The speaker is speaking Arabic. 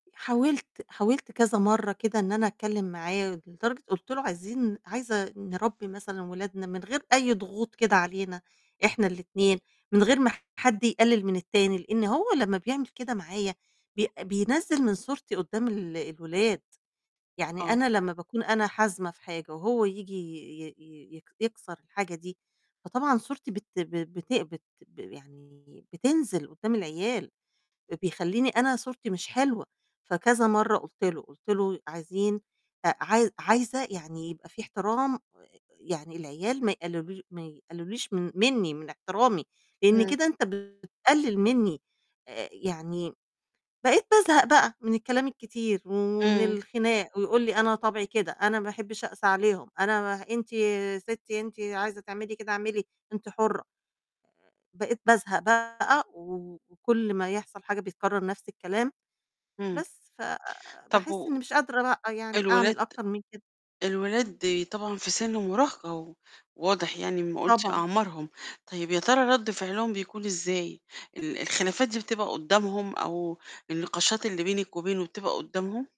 حاولت حاولت كذا مَرّة كده إن أنا أتكلّم معاه لدرجة قُلت له "عايزين عايزة نربّي مثلًا ولادنا من غير أي ضغوط كده علينا إحنا الاتنين من غير ما حد يقلِّل من التاني." لإن هو لمّا بيعمل كده معايا بي بينزّل من صورتي قدّام ال الولاد، يعني آه. أنا لمّا باكون أنا حازمة في حاجة وهو ييجي ي ي ي يك يكسَر الحاجة دي، فطبعًا صورتي بت ب ب بت بت ب يعني بتنزِل قدّام العيال، بيخلّيني أنا صورتي مش حلوة، فكذا مَرّة قُلت له، قُلت له ي "عايزين أ عايز عايزة يعني يبقى في احترام يعني العيال ما يقلّلوش ما يقلّلوليش من منّي من احترامي، لإن إمم. كده أنت بتقلِّل منّي." آآ يعني بقيت بازهق بقى من الكلام الكتير ومن إمم. الخناق ويقول لي "أنا طَبعي كده، أنا ما أحبّش أقسى عليهم، أنا ما ه أنتِ يا ستّي أنتِ عايزة تعملي كده اعملي أنتِ حُرّة." بقيت بازهق بقى و وكلّ ما يحصل حاجة بيتكرَّر نَفْس الكلام، إمم. بس ف طَب باحس و إنّي مش قادرة بقى يعني الولاد أعمل أكتر من كده. إمم. الولاد طبعًا في سِن مُراهقة و واضح يعني أمّا قُلتِ طبعًا. أعمارهم، طيب يا ترى رَد فعلهم بيكون إزاي، ال الخلافات دي بتبقى قدّامهم أو النقاشات اللي بينِك وبينه بتبقى قدّامهم؟